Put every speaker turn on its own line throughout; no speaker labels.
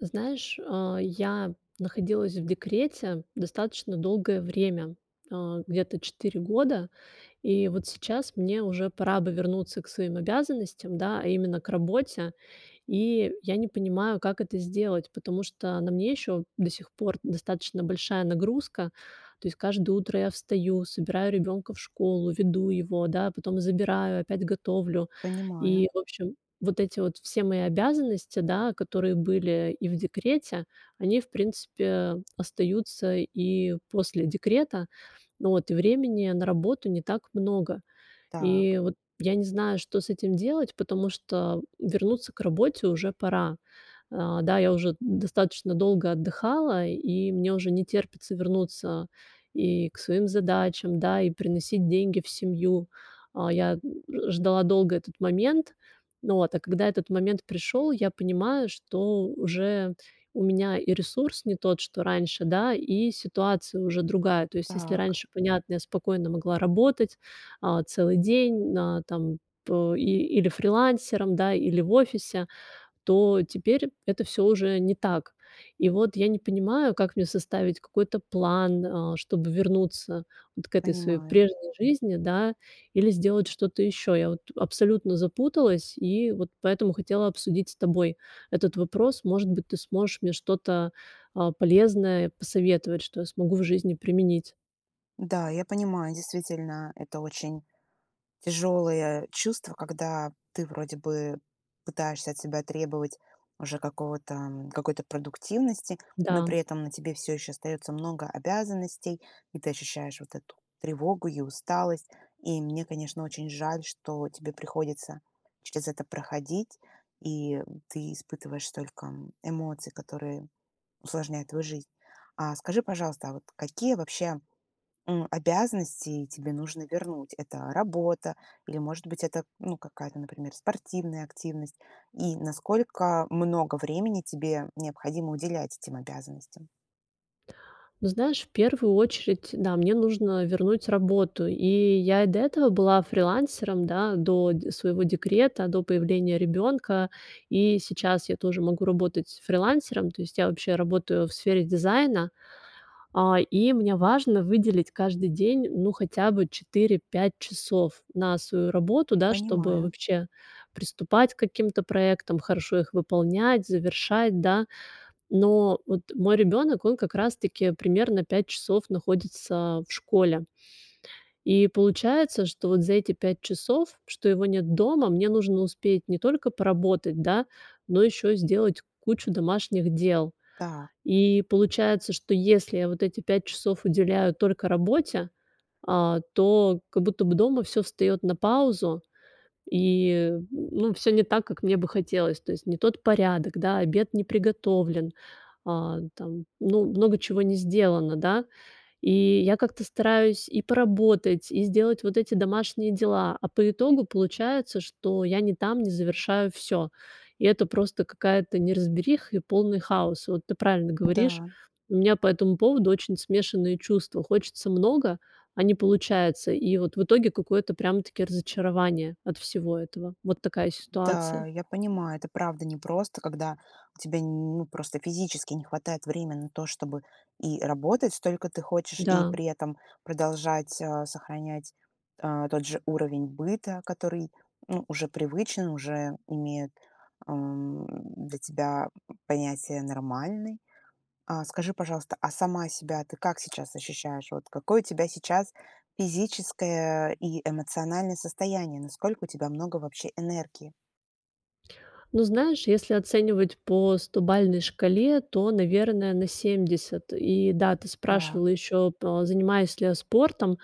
Знаешь, а, я находилась в декрете достаточно долгое время, э, где-то 4 года. И вот сейчас мне уже пора бы вернуться к своим обязанностям, да, а именно к работе. И я не понимаю, как это сделать, потому что на мне ещё до сих пор достаточно большая нагрузка. То есть каждое утро я встаю, собираю ребёнка в школу, веду его, да, потом забираю, опять готовлю.
Понимаю.
И, в общем, вот эти вот все мои обязанности, да, которые были и в декрете, они, в принципе, остаются и после декрета. Вот, и времени на работу не так много.
Так.
И вот я не знаю, что с этим делать, потому что вернуться к работе уже пора. Э, да, я уже достаточно долго отдыхала, и мне уже не терпится вернуться и к своим задачам, да, и приносить деньги в семью. А я н ж ждала долго этот момент. Вот, а когда этот момент пришёл, я понимаю, что уже у меня и ресурс не тот, что раньше, да, и ситуация уже другая. То есть, если
Так.
раньше, понятно, я спокойно могла работать, а, целый день, а, там, по и или фрилансером, да, или в офисе, то теперь это всё уже не так. И вот я не понимаю, как мне составить какой-то план, э, чтобы вернуться вот к этой своей
Понимаю.
прежней жизни, да, или сделать что-то ещё? Я вот абсолютно запуталась и вот поэтому хотела обсудить с тобой этот вопрос. Может быть, ты сможешь мне что-то, а, полезное посоветовать, что я смогу в жизни применить?
Да, я понимаю, действительно, это очень тяжелое чувство, когда ты вроде бы пытаешься от себя требовать уже какого-то, м, какой-то продуктивности, но
Да.
при этом на тебе всё еще остается много обязанностей, и ты ощущаешь вот эту тревогу и усталость. И мне, конечно, очень жаль, что тебе приходится через это проходить, и ты испытываешь столько, м, эмоций, которые усложняют твою жизнь. А скажи, пожалуйста, а вот какие вообще, м, обязанности тебе нужно вернуть? Это работа или, может быть, это, ну, какая-то, например, спортивная активность? И насколько много времени тебе необходимо уделять этим обязанностям?
Ну знаешь, в первую очередь, да, мне нужно вернуть работу. И я и до этого была фрилансером, да, до д своего декрета, до появления ребёнка. И сейчас я тоже могу работать фрилансером. То есть я вообще работаю в сфере дизайна. А, и мне важно выделить каждый день, ну, хотя бы 4-5 часов на свою работу, да, чтобы
Понимаю.
вообще приступать к каким-то проектам, хорошо их выполнять, завершать, да. Но вот мой ребёнок, он как раз таки примерно 5 часов находится в школе. И получается, что вот за эти 5 часов, что его нет дома, мне нужно успеть не только поработать, да, но ещё и сделать кучу домашних дел.
Так.
И получается, что если я вот эти 5 часов уделяю только работе, а, то как будто бы дома всё встаёт на паузу, и, ну, всё не так, как мне бы хотелось. То есть не тот порядок, да, обед не приготовлен, а, там, ну, много чего не сделано, да. И я как-то стараюсь и поработать, и сделать вот эти домашние дела, а по итогу получается, что я не там, не завершаю всё. И это просто какая-то неразбериха и полный хаос. Вот ты правильно говоришь.
Да.
У меня по этому поводу очень смешанные чувства. Хочется много, а не получается. И вот в итоге какое-то прям-таки разочарование от всего этого. Вот такая
Да,
ситуация.
я понимаю, это правда непросто, когда тебе нь ну просто физически не хватает время на то, чтобы и работать столько ты хочешь, и
Да.
при этом продолжать, а, сохранять, а, тот же уровень быта, который ну уже привычен, уже имеет, ам, м, для тебя, м, м, понятие нормальный. А скажи, пожалуйста, а сама себя ты как сейчас ощущаешь? Вот какое у тебя сейчас физическое и эмоциональное состояние? Насколько у тебя много вообще энергии?
Ну, знаешь, если оценивать по стобалльной шкале, то, наверное, на 70. И да, ты
Так.
спрашивала ещё по занимаюсь ли я спортом?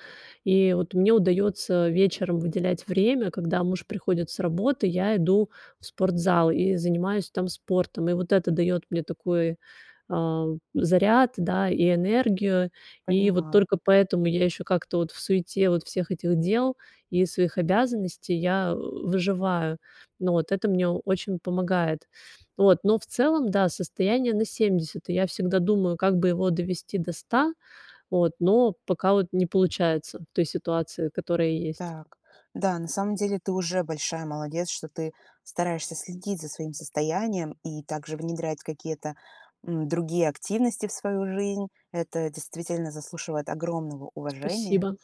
И вот мне удаётся вечером выделять время. Когда муж приходит с работы, я иду в спортзал и занимаюсь там спортом. И вот это даёт мне такой, а, заряд, да, и энергию. И вот
Понимаю.
только поэтому я ещё как-то вот в суете вот всех этих дел и своих обязанностей я о о выживаю. Ну вот, это мне очень помогает. Вот, но в целом, да, состояние на 70. И я всегда думаю, как бы его довести до 100, вот, но пока вот не получается в той ситуации, которая есть.
Так. Да, на самом деле ты уже большая молодец, что ты стараешься следить за своим состоянием и также внедрять какие-то, м, другие активности в свою жизнь. Это действительно заслуживает огромного уважения.
Спасибо!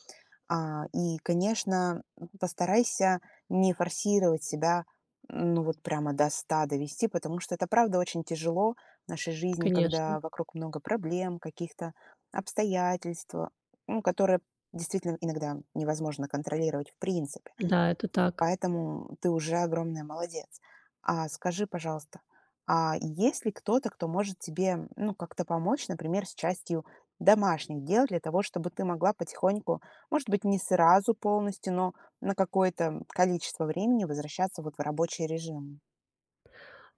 А, и, конечно, м, постарайся не форсировать себя, ну, вот прямо до 100 довести, потому что это правда очень тяжело в нашей жизни,
Конечно.
когда вокруг много проблем, каких-то обстоятельства, ну, которые действительно иногда невозможно контролировать в принципе.
Да, это так.
Поэтому ты уже огромная молодец. А скажи, пожалуйста, а есть ли кто-то, кто может тебе, м, ну, как-то помочь, например, с частью домашних дел для того, чтобы ты могла потихоньку, может быть не сразу полностью, но на какое-то, м, количество времени возвращаться, вот, в рабочий режим?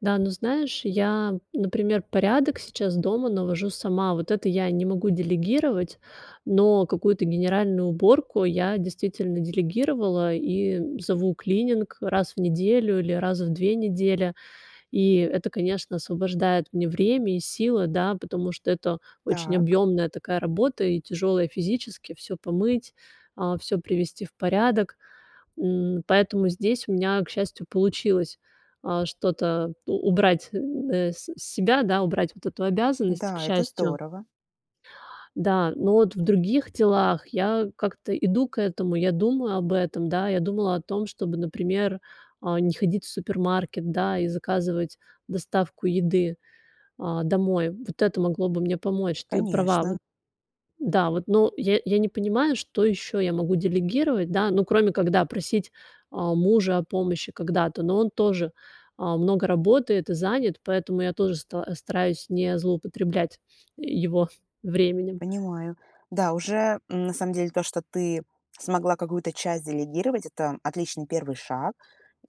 Да, ну знаешь, я, например, порядок сейчас дома навожу сама. Вот это я не могу делегировать, но какую-то генеральную уборку я действительно делегировала и, м, зову клининг раз в неделю или раз в 2 недели. И это, конечно, освобождает мне время и силы, да, потому что это очень
Так.
объёмная такая работа и тяжёлая физически всё помыть, а, всё привести в порядок. М, поэтому здесь у меня, к счастью, получилось, а, что-то у убрать н э, с себя, да, убрать вот эту обязанность, к
Да, это
счастью.
здорово.
Да, но вот в других делах я как-то иду к этому. Я думаю об этом, да. Я думала о том, чтобы, например, а, не ходить в супермаркет, да, и заказывать доставку еды, а, домой. Вот это могло бы мне помочь. Ты права,
Конечно.
вот. Да, вот. Но я я не понимаю, что ещё я могу делегировать, да, ну, кроме когда просить, а, мужа о помощи когда-то. Но он тоже, а, много работает и занят, поэтому я тоже ста стараюсь не злоупотреблять его временем.
Понимаю. Да, уже, м, на самом деле то, что ты смогла какую-то часть делегировать, это отличный 1 шаг,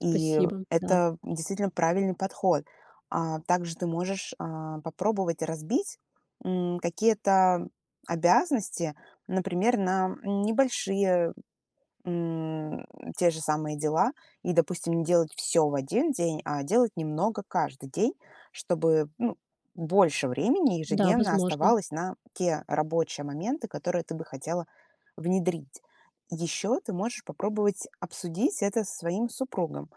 и
да.
это действительно правильный подход. А также ты можешь, а, попробовать разбить, м, какие-то обязанности, например, на, м, небольшие, м, те же самые дела, и, допустим, не делать всё в 1 день, а делать немного каждый день, чтобы, ну, больше времени
Да,
ежедневно
возможно.
оставалось на те рабочие моменты, которые ты бы хотела внедрить. Еще ты можешь попробовать обсудить это со своим супругом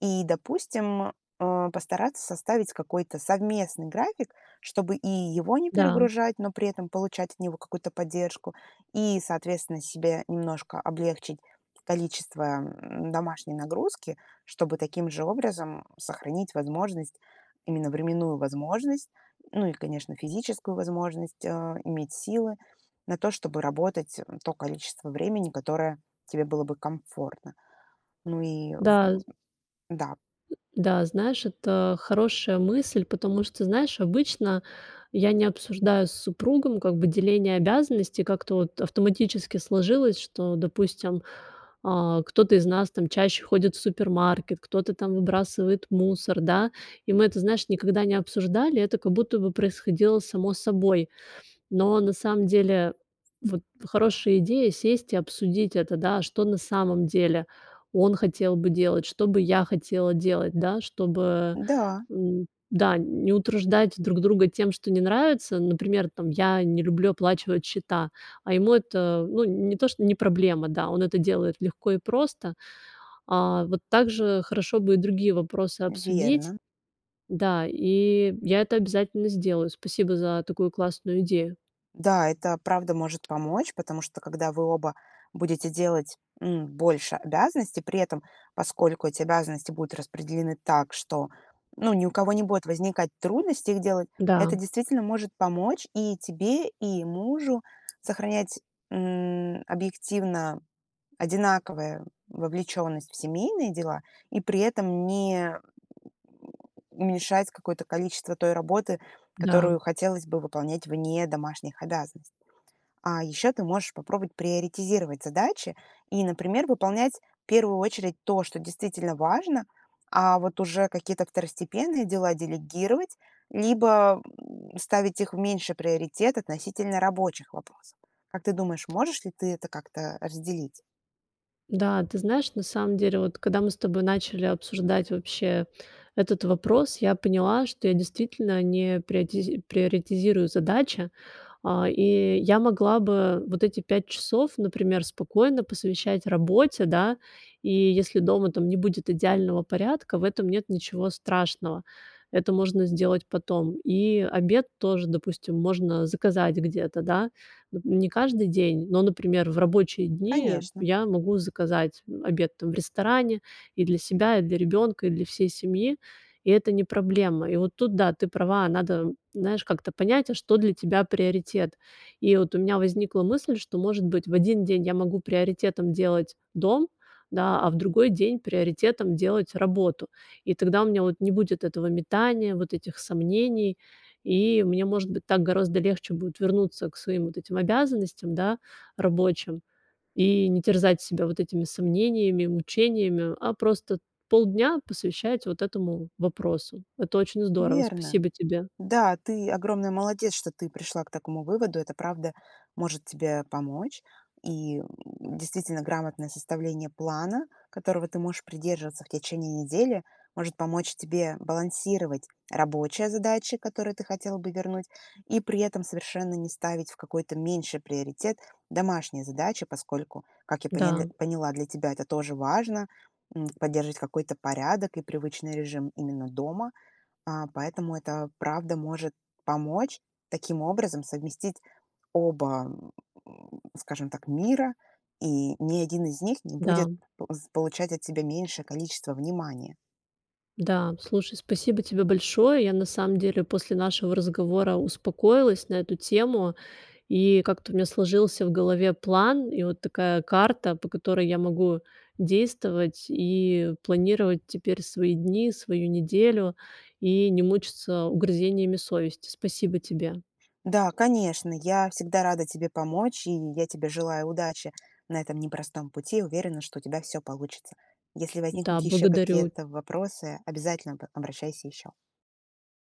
и, допустим, а, постараться составить какой-то совместный график, чтобы и его не
Да.
перегружать, но при этом получать от него какую-то поддержку, и, соответственно, себе немножко облегчить количество, м, домашней нагрузки, чтобы таким же образом сохранить возможность, именно временную возможность, ну и, конечно, физическую возможность, э, иметь силы на то, чтобы работать, м, то количество времени, которое тебе было бы комфортно. Ну и
Да,
в
з
да.
М, да, знаешь, это хорошая мысль, потому что, знаешь, обычно я не обсуждаю с супругом как бы деление обязанностей. Как-то вот автоматически сложилось, что, допустим, а, кто-то из нас там чаще ходит в супермаркет, кто-то там выбрасывает мусор, да. И мы это, знаешь, никогда не обсуждали, это как будто бы происходило само собой. Но на самом деле вот хорошая идея сесть и обсудить это, да, что на самом деле он хотел бы делать, что бы я хотела делать, да, чтобы,
Да.
м, да, н не утруждать друг друга тем, что не нравится. Например, там, я не люблю оплачивать счета, а ему это, ну, не то, что не проблема, да, он это делает легко и просто. А вот также хорошо бы и другие вопросы обсудить,
Верно.
да, и я это обязательно сделаю. Спасибо за такую классную идею.
Да, это правда может помочь, потому что когда вы оба будете делать, м, больше обязанностей, при этом поскольку эти обязанности будут распределены так, что, ну, ни у кого не будет возникать трудностей их делать,
Да.
это действительно может помочь и тебе, и мужу сохранять, м, объективно одинаковое вовлеченность в семейные дела и при этом не, м, уменьшать какое-то количество той работы,
Да.
которую хотелось бы выполнять вне домашних обязанностей. А еще ты можешь попробовать приоритизировать задачи и, например, выполнять в первую очередь то, что действительно важно, а вот уже какие-то второстепенные дела делегировать, либо, м, ставить их в меньший приоритет относительно рабочих вопросов. Как ты думаешь, можешь ли ты это как-то разделить?
Да, ты знаешь, на самом деле, вот, когда мы с тобой начали обсуждать вообще этот вопрос, я поняла, что я действительно не приотиз приоритизирую задачи, а. И я могла бы вот эти 5 часов, например, спокойно посвящать работе, да, и если дома там не будет идеального порядка, в этом нет ничего страшного. Это можно сделать потом. И обед тоже, допустим, можно заказать где-то, да. Нап не каждый день, но, например, в рабочие дни
Конечно.
я могу заказать, м, обед, там, в ресторане и для себя, и для ребёнка, и для всей семьи. И это не проблема. И вот тут да, ты права. Надо, м, знаешь, как-то понять, а что для тебя приоритет. И вот у меня возникла мысль, что, может быть, в один день я могу приоритетом делать дом, да, а в другой день приоритетом делать работу. И тогда у меня вот не будет этого метания, вот этих сомнений, и мне может быть так гораздо легче будет вернуться к своим вот этим обязанностям, да, рабочим, и не терзать себя вот этими сомнениями, мучениями, а просто полдня посвящать вот этому вопросу. Это очень здорово,
Верно.
спасибо тебе.
Да, ты огромная молодец, что ты пришла к такому выводу. Это правда может тебе помочь. И, м, действительно грамотное составление плана, которого ты можешь придерживаться в течение недели, может помочь тебе балансировать рабочие задачи, которые ты хотела бы вернуть, и при этом совершенно не ставить в какой-то меньший приоритет домашние задачи, поскольку, как я поняль
Да.
поняла, для тебя это тоже важно, м, поддерживать какой-то порядок и привычный режим именно дома. А, поэтому это, правда, может помочь таким образом совместить оба, м, скажем так, мира, и ни один из них не будет
Да.
п з получать от себя меньшее количество внимания.
Да, слушай, спасибо тебе большое. Я на самом деле после нашего разговора успокоилась на эту тему. И как-то у меня сложился в голове план, и вот такая карта, по которой я могу действовать и планировать теперь свои дни, свою неделю, и не мучиться угрызениями совести. Спасибо тебе.
Да, конечно. Я всегда рада тебе помочь и я тебе желаю удачи на этом непростом пути. Уверена, что у тебя всё получится. Если
Да,
возникнут еще
благодарю.
какие-то вопросы, обязательно об обращайся еще.